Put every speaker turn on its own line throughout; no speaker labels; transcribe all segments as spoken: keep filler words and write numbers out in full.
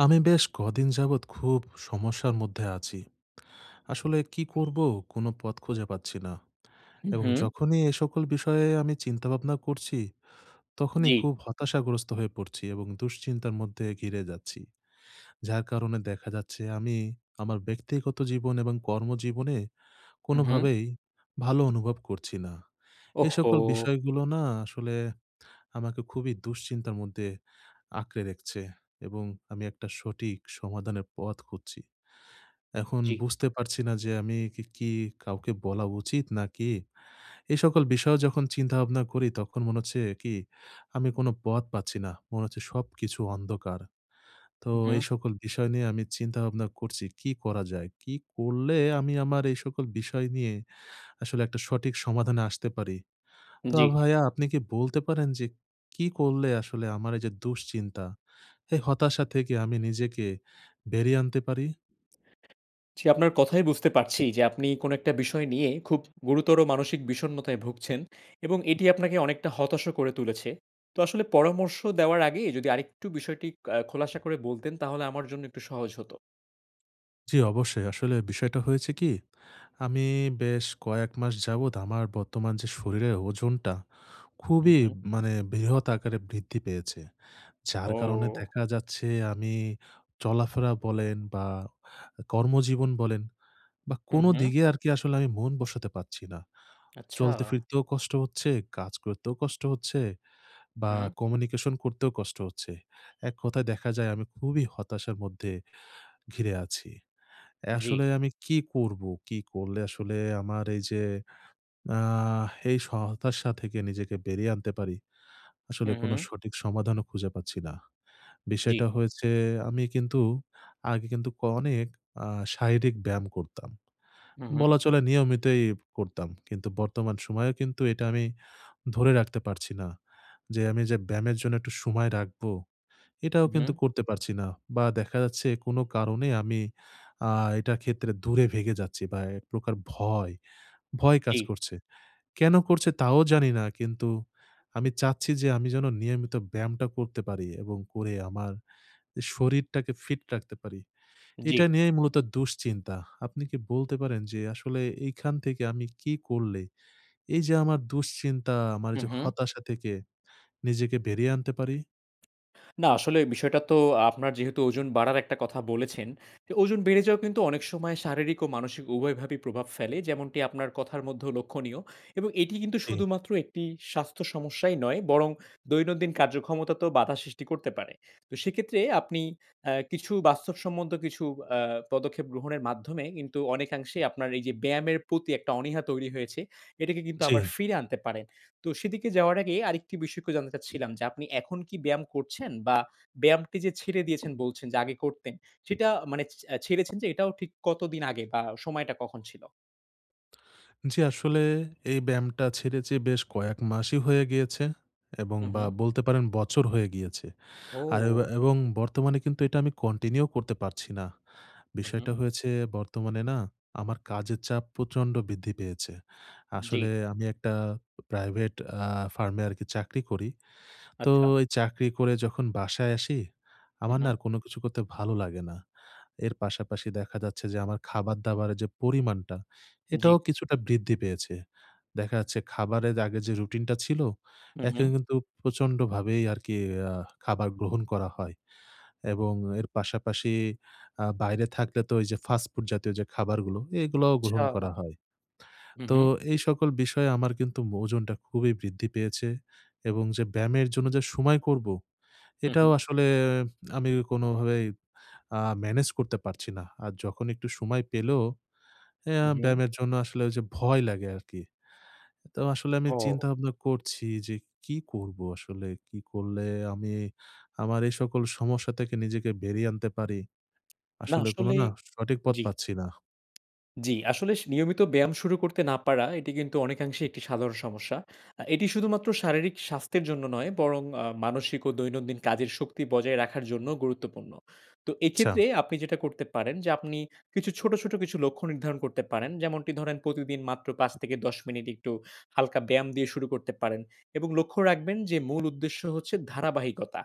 আমি বেশ কদিন যাবত খুব সমস্যার মধ্যে আছি। আসলে কি করব কোনো পথ খুঁজে পাচ্ছি না।
হু,
এবং
হু।
যখনই এই সকল বিষয়ে আমি চিন্তা ভাবনা করছি, তখনই
জ্বী।
খুব হতাশাগ্রস্ত হয়ে পড়ছি এবং দুশ্চিন্তার মধ্যে ঘিরে যাচ্ছি। যার কারণে দেখা যাচ্ছে আমি আমার ব্যক্তিগত জীবন এবং কর্ম জীবনে
হু,
কোনো
হু
ভাবেই ভালো অনুভব করছি না। এ
ওহ্
সকল
হো!
বিষয়গুলো না আসলে আমাকে খুবই দুশ্চিন্তার মধ্যে আঁকড়ে রেকচে এবং আমি একটা সঠিক সমাধানের পথ খুঁজছি। এখন
জ্বি।
বুঝতে পারছি না যে আমি কি কি কাউকে বলা উচিত নাকি? এই সকল বিষয়ও যখন চিন্তা-ভাবনা করি, তখন মনে হচ্ছে কি, আমি কোনো পথ পাচ্ছি না। মনে হচ্ছে সবকিছু অন্ধকার। তো এই
উহু।
সকল বিষয় নিয়ে আমি চিন্তা ভাবনা করছি, কি করা যায়, কি করলে আমি আমার এই সকল বিষয় নিয়ে আসলে একটা সঠিক সমাধানে আসতে পারি? তো আ
জ্বি।
ভায়া আপনি কি বলতে পারেন যে কি করলে আসলে আমার এই যে দুশ্চিন্তা, এই হতাশা থেকে আমি নিজেকে বেরিয়ে আনতে পারি?
জি, আপনার কথায়ই বুঝতে পারছি যে আপনি কোনো একটা বিষয় নিয়ে খুব গুরুতর মানসিক বিষণ্ণতায় ভুগছেন এবং এটি আপনাকে অনেকটা হতশও করে তুলেছে। তো আসলে পরামর্শ দেওয়ার আগেই যদি আরেকটু বিষয়টি অ্যা খোলাসা করে বলতেন, তাহলে আমার জন্য একটু সহজ হতো।
জ্বি, অবশ্যই। আসলে বিষয়টা হয়েছে কি? আমি বেশ কয়েক মাস যাবত আমার বর্তমান যে শরীরের ওজনটা
হু,
খুবই
হু।
মানে বৃহৎ আকারে বৃদ্ধি পেয়েছে। যার কারণে
ও।
দেখা যাচ্ছে আমি চলাফেরা বলেন বা কর্মজীবন বলেন বা
হুম,
কোনো
হু।
দিকে আরকি আসলে আমি মন বসাতে পারছি না।
আচ্ছা।
চলতে ফিরতেও কষ্ট হচ্ছে, কাজ করতেও কষ্ট হচ্ছে, বা
হুম।
কমিউনিকেশন করতেও কষ্ট হচ্ছে, এক কথায় দেখা যায় আমি খুবই হতাশার মধ্যে ঘিরে আছি।
জ্বি।
আসলে আমি কি করবো? কি করলে আসলে আমার এইযে আ এই স হতাশা থেকে নিজেকে বেরিয়ে আনতে পারি? আসলে
হুম,
কোনো
হুম।
সঠিক সমাধানও খুঁজে পাচ্ছি না।
জ্বি।
বিষয়টা হয়েছে আমি কিন্তু আগে কিন্তু ক অনেক আ শারীরিক ব্যায়াম করতাম,
হু, হুম।
বলা চলে নিয়মিতই করতাম। কিন্তু বর্তমান সময়েও কিন্তু এটা আমি ধরে রাখতে পারছি না। যে, আমি যে ব্যায়ামের জন্য একটু সময় রাখবো, এটাও
উ
কিন্তু
হুম।
করতে পারছি না বা দেখা যাচ্ছে কোনো কারণে আমি আ এটার ক্ষেত্রে দূরে ভেগে যাচ্ছি বা এক প্রকার ভয়, ভয় কাজ
জ্বী।
করছে। কেনো করছে তাও জানি না? কিন্তু আমি চাচ্ছি যে, আমি যেনো নিয়মিত ব্যায়ামটা করতে পারি এবং করে আমার এ শরীরটাকে ফিট রাখতে পারি,
জ্বি।
এটা নিয়েই মূলত দুশ্চিন্তা। আপনি কি বলতে পারেন যে, আসলে এইখান থেকে আমি কী করলে, এইযে আমার দুশ্চিন্তা, আমার
হুম,
যে
হু।
হতাশা থেকে নিজেকে বেরিয়ে আনতে পারি?
না, আসলে বিষয়টা তো আপনার যেহেতু ওজন বাড়ার একটা কথা বলেছেন, তো ওজন বেড়ে যাওয়া কিন্তু অনেক সময় শারীরিক ও মানসিক উভয়ভাবে প্রভাব ফেলে যেমনটি আপনার কথার মধ্যেও লক্ষণীয়। এবং এটি কিন্তু
জ্বী।
শুধুমাত্র একটি স্বাস্থ্য সমস্যাই নয় বরং দৈনন্দিন কার্যক্ষমতাতেও বাধা সৃষ্টি করতে পারে। তো সেক্ষেত্রে আপনি অ্যা কিছু বাস্তব সম্মত কিছু অ্যা পদক্ষেপ গ্রহণের মাধ্যমে কিন্তু অনেকাংশেই আপনার এই যে ব্যায়ামের প্রতি একটা অনীহা তৈরি হয়েছে, এটাকে কিন্তু
জ্বী।
আবার ফিরে আনতে পারেন। তো সেদিকে যাওয়ার আগে আরেকটি বিষয় একটু জানতে চাচ্ছিলাম যে, আপনি এখন কি ব্যায়াম করছেন? বা ব্যায়ামটি যে ছেড়ে দিয়েছেন বলছেন যে আগে করতেন, সেটা মানে চে আ ছেড়েছেন যে এটাও ঠিক কতদিন আগে বা সময়টা কখন ছিল?
জ্বি, আসলে এই ব্যায়ামটা ছেড়েছি বেশ কয়েক মাসই হয়ে গিয়েছে। এবং
উ
বা
হু।
বলতে পারেন বছর হয়ে গিয়েছে। আর এবা
ও।
এবং বর্তমানে কিন্তু এটা আমি কন্টিনিউ করতে পারছি না।
উ
বিষয়টা
হু।
হয়েছে বর্তমানে না আমার কাজের চাপ প্রচন্ড বৃদ্ধি পেয়েছে।
জ্বি।
আসলে আমি একটা প্রাইভেট আ ফার্মে আরকি চাকরি করি। তো
আচ্ছা।
এই চাকরি করে যখন বাসায় আসি,
উ
আমার না
হু।
আর কোনো কিছু করতে ভালো লাগে না। এর পাশাপাশি দেখা যাচ্ছে যে আমার খাবার-দাবারের যে পরিমাণটা,
জ্বি।
এটাও কিছুটা বৃদ্ধি পেয়েছে। দেখা যাচ্ছে খাবারের আগে যে রুটিনটা ছিল,
উ
একে
হু।
কিন্তু প্রচন্ডভাবেই আরকি অ্যা খাবার গ্রহণ করা হয়। এবং এর পাশাপাশি আ বাইরে থাকলে তো ওই যে ফাস্ট ফুড জাতীয় যে খাবারগুলো, এগুলাও গ্রহণ করা
আচ্ছা।
হয়।
হু,
তো
হু।
এই সকল বিষয়ে আমার কিন্তু মোজনটা খুবই বৃদ্ধি পেয়েছে। এবং যে ব্যায়ামের জন্য যে সময় করব,
হু,
এটাও
হু।
আসলে আমি কোনভাবেই আ মেনেজ করতে পারছি না। আর যখন একটু সময় পেলেও এ
উ
আ
হু।
ব্যায়ামের জন্য আসলে ঐযে ভয় লাগে আরকি। তো আসলে আমি
ও।
চিন্তা-ভাবনা করছি যে, কি করব আসলে? কি করলে আমি আমার এই সকল সমস্যা থেকে নিজেকে বেরিয়ে আনতে পারি?
না
আসলে কোনো
আসলেই
না, সঠিক পথ
জ্বি।
পাচ্ছি না।
জ্বি, আসলে স নিয়মিত ব্যায়াম শুরু করতে না পারা, এটি কিন্তু অনেকাংশেই একটি সাধারণ সমস্যা। আ এটি শুধুমাত্র শারীরিক স্বাস্থ্যের জন্য নয়, বরং আ মানসিক ও দৈনন্দিন কাজের শক্তি বজায় রাখার জন্যও গুরুত্বপূর্ণ। তো
আচ্ছা।
এক্ষেত্রে আপনি যেটা করতে পারেন যে আপনি কিছু ছোট, ছোট কিছু লক্ষ্য নির্ধারণ করতে পারেন। যেমনটি ধরেন প্রতিদিন মাত্র পাঁচ থেকে দশ মিনিট একটু হালকা ব্যায়াম দিয়ে শুরু করতে পারেন। এবং লক্ষ্য রাখবেন যে মূল উদ্দেশ্য হচ্ছে ধারাবাহিকতা।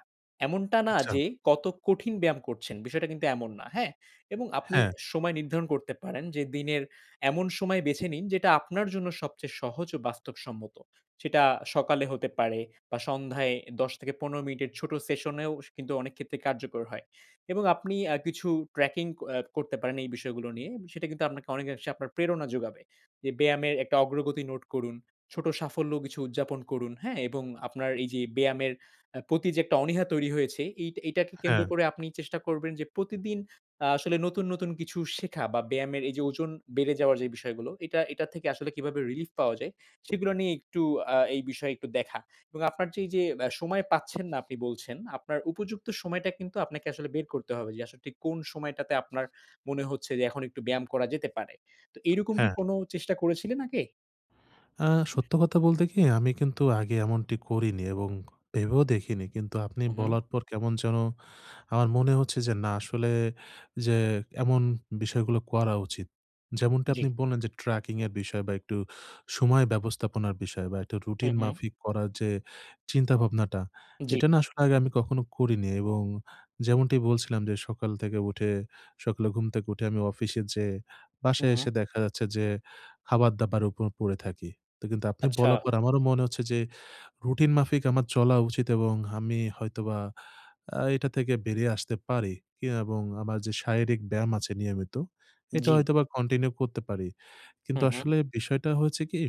এমনটা না
আচ্ছা।
যে কত কঠিন ব্যায়াম করছেন, বিষয়টা কিন্তু এমন না। হ্যাঁ? এবং আপনি
হ্যাঁ।
সময় নির্ধারণ করতে পারেন যে দিনের এমন সময় বেছে নিন যেটা আপনার জন্য সবচেয়ে সহজ ও বাস্তবসম্মত। সেটা সকালে হতে পারে বা সন্ধ্যায় দশ থেকে পনেরো মিনিটের ছোট সেশনেও সে কিন্তু অনেক ক্ষেত্রেই কার্যকর হয়। এবং আপনি আ কিছু ট্র্যাকিং অ্যা করতে পারেন এই বিষয়গুলো নিয়ে। সেটা কিন্তু আপনাকে অনেকাংশে আপনার প্রেরণা যোগাবে। যে ব্যায়ামের একটা অগ্রগতি নোট করুন। ছোট সাফল্য কিছু উদযাপন করুন। হ্যাঁ? এবং আপনার এই যে ব্যায়ামের আ প্রতি যে একটা অনীহা তৈরি হয়েছে, এই এটাকে কেন্দ্র
হ্যাঁ।
করে আপনি চেষ্টা করবেন যে প্রতিদিন আ আসলে নতুন, নতুন কিছু শেখা বা ব্যায়ামের এই যে ওজন বেড়ে যাওয়ার যে বিষয়গুলো, এটা এটার থেকে আসলে কিভাবে রিলিফ পাওয়া যায়, সেগুলো নিয়ে একটু আ এই বিষয়ে একটু দেখা। এবং আপনার এইযে অ্যা সময় পাচ্ছেন না আপনি বলছেন, আপনার উপযুক্ত সময়টা কিন্তু আপনাকে আসলে বের করতে হবে যে আসলে ঠিক কোন সময়টাতে আপনার মনে হচ্ছে যে এখন একটু ব্যায়াম করা যেতে পারে। তো এরকম কি
হ্যাঁ।
কোনো চেষ্টা করেছিলেন আগে?
অ্যা সত্য কথা বলতে কি আমি কিন্তু আগে এমনটি করিনি এবং ভেবেও দেখিনি। কিন্তু আপনি
উ হু।
বলার পর কেমন যেন আমার মনে হচ্ছে যে না আসলে যে এমন বিষয়গুলো করা উচিত। যেমনটা
জ্বী।
আপনি বললেন যে ট্র্যাকিং-এর বিষয় বা একটু সময় ব্যবস্থাপনার বিষয় বা একটু
হু,
রুটিন
হু।
মাফিক করার যে চিন্তাভাবনাটা,
জ্বি।
এটা না আসলে আগে আমি কখনো করিনি। এবং যেমনটি বলছিলাম যে সকাল থেকে উঠে, সকালে ঘুম থেকে উঠে আমি অফিসে যেয়ে, বাসায়
হুম।
এসে দেখা যাচ্ছে যে খাবার-দাবারের উপর পড়ে থাকি। তো কিন্তু আপনি
আচ্ছা।
বলার পর আমারও মনে হচ্ছে যে রুটিন মাফিক আমার চলা উচিত এবং হাম্মি হয়তোবা আ এটা থেকে বেরিয়ে আসতে পারি কি এবং আমার যে শারীরিক ব্যায়াম আছে নিয়মিত, এটা
জ্বি।
হয়তোবা কন্টিনিউ করতে পারি।
হু,
কিন্তু
হু।
আসলে বিষয়টা হচ্ছে কি,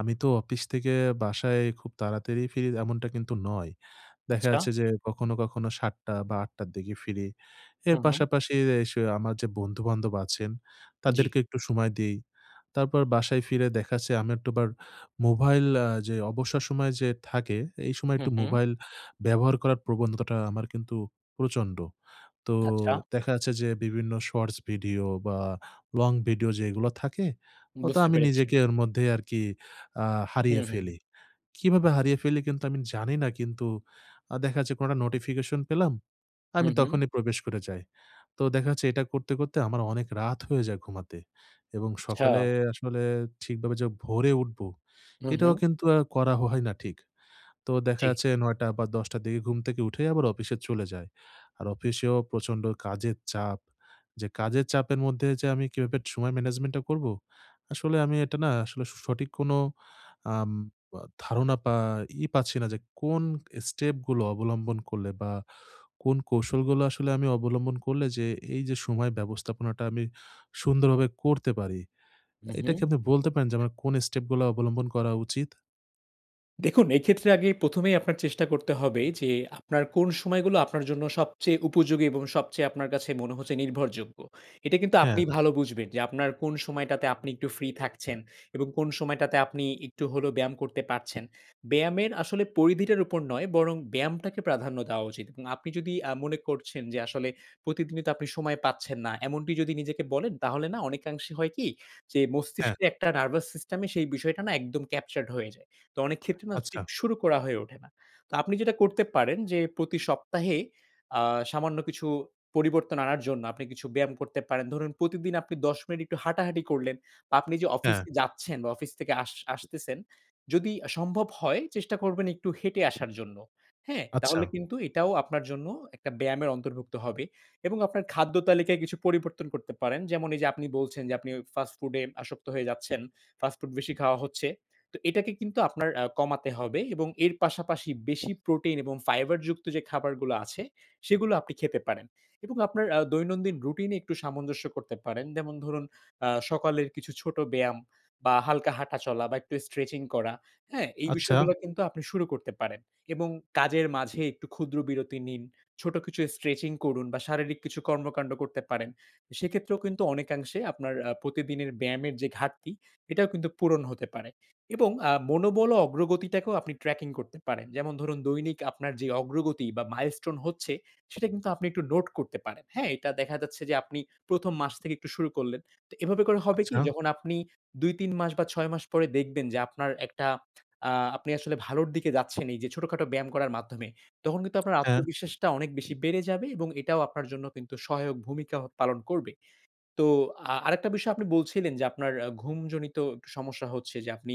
আমি তো অপিস থেকে বাসায় খুব তাড়াতাড়ি ফিরি এমনটা কিন্তু নয়। দেখা
আচ্ছা।
যাচ্ছে যে কখনো, কখনো সাতটা বা আটটার দিকে ফিরি। এর
হু, হু।
পাশাপাশি এ সে আমার যে বন্ধু-বান্ধব আছেন,
জ্বি।
তাদেরকে একটু সময় দেই। তারপর বাসায় ফিরে দেখা যাচ্ছে আমি একটু আবার মোভাইল আ যে অবসর সময় যে থাকে, এই সময়
হু,
একটু
হুম।
মোবাইল ব্যবহার করার প্রবনতাটা আমার কিন্তু প্রচন্ড। তো
আচ্ছা।
দেখা যাচ্ছে যে বিভিন্ন শর্টস ভিডিও বা লং ভিডিও যেগুলা থাকে, অত
বুঝতে
আমি
পেরেছি।
নিজেকে ওর মধ্যে আরকি আ হারিয়ে
হুম, হুম।
ফেলি। কিভাবে হারিয়ে ফেলি কিন্তু আমি জানি না। কিন্তু আ দেখা যাচ্ছে কোনো একটা নোটিফিকেশন পেলাম, আমি
হুম, হুম।
তখনই প্রবেশ করে যাই। তো দেখা যাচ্ছে এটা করতে, করতে আমার অনেক রাত হয়ে যায় ঘুমাতে। এবং সকালে
আচ্ছা।
আসলে ঠিকভাবে যে ভোরে উঠব,
হু,
এটাও
হুম।
কিন্তু আ করা হয় না ঠিক। তো দেখা
জ্বি।
যাচ্ছে নয়টা বা দশটার দিকে ঘুম থেকে উঠেই আবার অফিসে চলে যাই। আর অফিসেও প্রচন্ড কাজের চাপ। যে কাজের চাপের মধ্যে যে আমি কিভাবে একটু সময় ম্যানেজমেন্টটা করব, আসলে আমি এটা না আসলে সঠিক কোনো আম ব ধারণা পা ই পাচ্ছি না যে কোন স্টেপগুলো অবলম্বন করলে বা কোন কৌশলগুলো আসলে আমি অবলম্বন করলে যে এই যে সময় ব্যবস্থাপনাটা আমি সুন্দরভাবে করতে পারি,
হু,
এটা
হুম।
কি আপনি বলতে পারেন যে আমার কোন স্টেপগুলা অবলম্বন করা উচিত?
দেখুন এক্ষেত্রে আগে প্রথমেই আপনার চেষ্টা করতে হবে যে আপনার কোন সময়গুলো আপনার জন্য সবচেয়ে উপযোগী এবং সবচেয়ে আপনার কাছে মনে হচ্ছে নির্ভরযোগ্য। এটা কিন্তু আপনি
হ্যাঁ।
ভালো বুঝবেন যে আপনার কোন সময়টাতে আপনি একটু ফ্রি থাকছেন এবং কোন সময়টাতে আপনি একটু হলেও ব্যায়াম করতে পারছেন। ব্যায়ামের আসলে পরিধিটার উপর নয় বরং ব্যায়ামটাকে প্রাধান্য দেওয়া উচিত। এবং আপনি যদি আ মনে করছেন যে আসলে প্রতিদিনই তো আপনি সময় পাচ্ছেন না। এমনটি যদি নিজেকে বলেন তাহলে না অনেকাংশে হয় কি যে
হ্যাঁ।
মস্তিষ্কের একটা নার্ভাস সিস্টেমে সেই বিষয়টা না একদম ক্যাপচার্ড হয়ে যায়। তো অনেক ক্ষেত্রে
আচ্ছা।
[unintelligible] শুরু করা হয়ে ওঠে না। তো আপনি যেটা করতে পারেন যে প্রতি সপ্তাহে আ সামান্য কিছু পরিবর্তন আনার জন্য আপনি কিছু ব্যায়াম করতে পারেন। ধরুন প্রতিদিন আপনি দশ মিনিট একটু হাঁটাহাঁটি করলেন বা আপনি যে অফিস
হ্যাঁ।
যাচ্ছেন বা অফিস থেকে আস আসতেছেন, যদি সম্ভব হয় চেষ্টা করবেন একটু হেঁটে আসার জন্য। হ্যাঁ,
আচ্ছা।
তাহলে কিন্তু এটাও আপনার জন্য একটা ব্যায়ামের অন্তর্ভুক্ত হবে। এবং আপনার খাদ্য তালিকায় কিছু পরিবর্তন করতে পারেন। যেমন এই যে আপনি বলছেন যে আপনি ফাস্ট ফুডে আসক্ত হয়ে যাচ্ছেন, ফাস্ট ফুড বেশি খাওয়া হচ্ছে। তো এটাকে কিন্তু আপনার আ কমাতে হবে এবং এর পাশাপাশি বেশি প্রোটিন এবং ফাইবারযুক্ত যে খাবারগুলো আছে সেগুলো আপনি খেতে পারেন। এবং আপনার আ দৈনন্দিন রুটিনে একটু সামঞ্জস্য করতে পারেন। যেমন ধরুন আ সকালের কিছু ছোট ব্যায়াম বা হালকা হাঁটা চলা বা একটু স্ট্রেচিং করা। হ্যাঁ, এই
আচ্ছা।
বিষয়গুলো কিন্তু আপনি শুরু করতে পারেন। এবং কাজের মাঝে একটু ক্ষুদ্র বিরতি নিন। ছোট কিছু স্ট্রেচিং করুন বা শারীরিক কিছু কর্মকান্ড করতে পারেন। সেক্ষেত্রেও কিন্তু অনেকাংশে আপনার আ প্রতিদিনের ব্যায়ামের যে ঘাটতি এটাও কিন্তু পূরণ হতে পারে। এবং আ মনোবল ও অগ্রগতিটাকেও আপনি ট্র্যাকিং করতে পারেন। যেমন ধরুন দৈনিক আপনার যে অগ্রগতি বা মাইলস্টোন হচ্ছে সেটা কিন্তু আপনি একটু নোট করতে পারেন। হ্যাঁ, এটা দেখা যাচ্ছে যে আপনি প্রথম মাস থেকে একটু শুরু করলেন। তো এভাবে করে হবে কি
আচ্ছা।
যখন আপনি দুই-তিন মাস বা ছয় মাস পরে দেখবেন যে আপনার একটা আ আপনি আসলে ভালোর দিকে যাচ্ছেন এই যে ছোটখাটো ব্যায়াম করার মাধ্যমে। তখন কিন্তু আপনার
হ্যাঁ।
আত্মবিশ্বাসটা অনেক বেশি বেড়ে যাবে এবং এটাও আপনার জন্য কিন্তু সহায়ক ভূমিকা পালন করবে। তো আ আরেকটা বিষয় আপনি বলছিলেন যে আপনার ঘুমজনিত সমস্যা হচ্ছে যে আপনি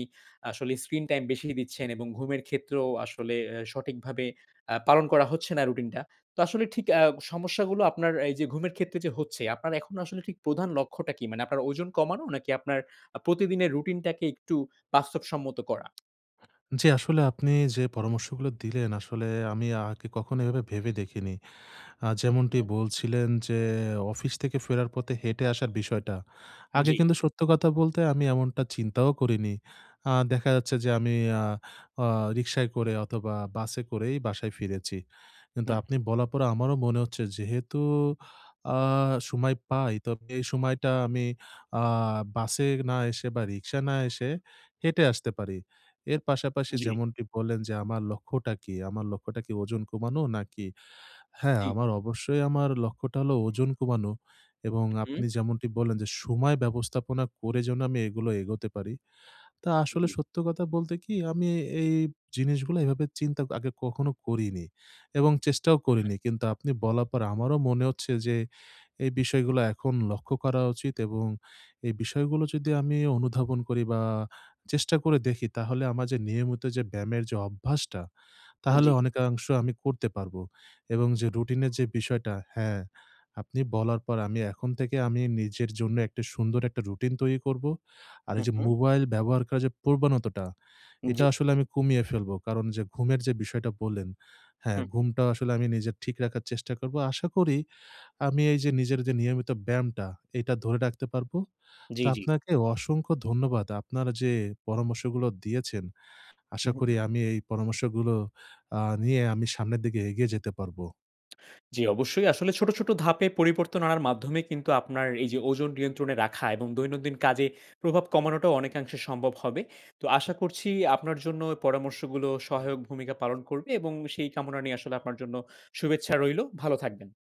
আসলে স্ক্রিন টাইম বেশি দিচ্ছেন এবং ঘুমের ক্ষেত্রেও আসলে অ্যা সঠিকভাবে আ পালন করা হচ্ছে না রুটিনটা। তো আসলে ঠিক আ সমস্যাগুলো আপনার এই যে ঘুমের ক্ষেত্রে যে হচ্ছে আপনার এখন আসলে ঠিক প্রধান লক্ষ্যটা কী? মানে আপনার ওজন কমানো নাকি আপনার আ প্রতিদিনের রুটিনটাকে একটু বাস্তবসম্মত করা?
জ্বি আসলে আপনি যে পরামর্শগুলো দিলেন আসলে আমি আগে কখনো এভাবে ভেবে দেখিনি। আ যেমনটি
হুম।
বলছিলেন যে অফিস থেকে ফেরার পথে হেঁটে আসার বিষয়টা। আগে
জ্বি।
কিন্তু সত্য কথা বলতে আমি এমনটা চিন্তাও করিনি। আ দেখা যাচ্ছে যে আমি আ আ রিকশায় করে অথবা বাসে করেই বাসায় ফিরেছি। কিন্তু
হুম।
আপনি বলার পরে আমারও মনে হচ্ছে যেহেতু আ সময় পাই তো এই সময়টা আমি আ বাসে না এসে বা রিক্সা না এসে হেঁটে আসতে পারি। এর পাশাপাশি
জ্বি।
যেমনটি বললেন যে আমার লক্ষ্যটা কী? আমার লক্ষ্যটা কি ওজন কমানো নাকি? হ্যাঁ,
জ্বী।
অবশ্যই আমার লক্ষ্যটা হলো ওজন কমানো এবং
হুম।
আপনি যেমনটি বললেন যে সময় ব্যবস্থাপনা করে যেন আমি এগুলো এগোতে পারি। তো আসলে
জ্বি।
সত্য কথা বলতে কি আমি এই জিনিসগুলো এভাবে চিন্তা আগে কখনো করিনি। এবং চেষ্টাও
হুম।
করিনি। কিন্তু আপনি বলার পর আমারও মনে হচ্ছে যে এই বিষয়গুলো এখন লক্ষ্য করা উচিত এবং এই বিষয়গুলো যদি আমি অনুধাবন করি বা চেষ্টা করে দেখি তাহলে আমার যে নিয়মিত যে ব্যায়ামের যে অভ্যাসটা তাহলে
জ্বি।
অনেকাংশ আমি করতে পারবো। এবং যে রুটিনের যে বিষয়টা হ্যাঁ আপনি বলার পর আমি এখন থেকে আমি নিজের জন্য একটা সুন্দর একটা রুটিন তৈরি করব। আর এই
হু,
যে
হু।
মোবাইল ব্যবহার করা যে প্রবণতাটা এটা
জ্বি।
আসলে আমি কমিয়ে ফেলবো। কারণ যে ঘুমের যে বিষয়টা বললেন হ্যাঁ
হু।
ঘুমটা আসলে আমি নিজে ঠিক রাখার চেষ্টা করব। আশা করি আমি এই যে নিজের যে নিয়মিত ব্যায়ামটা এইটা ধরে রাখতে পারবো।
জ্বি,
তো
জ্বি।
আপনাকে অসংখ্য ধন্যবাদ। আপনারা যে পরামর্শগুলো দিয়েছেন আশা করি
উহু।
আমি এই পরামর্শগুলো আ নিয়ে আমি সামনের দিকে এগিয়ে যেতে পারবো।
জ্বি। অবশ্যই। আসলে ছোট, ছোট ধাপে পরিবর্তন আনার মাধ্যমে কিন্তু আপনার এই যে ওজন নিয়ন্ত্রণে রাখা এবং দৈনন্দিন কাজে প্রভাব কমানোটাও অনেকাংশে সম্ভব হবে। তো আশা করছি আপনার জন্য এ পরামর্শগুলো সহায়ক ভূমিকা পালন করবে এবং সেই কামনা নিয়ে আসলে আপনার জন্য শুভেচ্ছা রইলো। ভালো থাকবেন।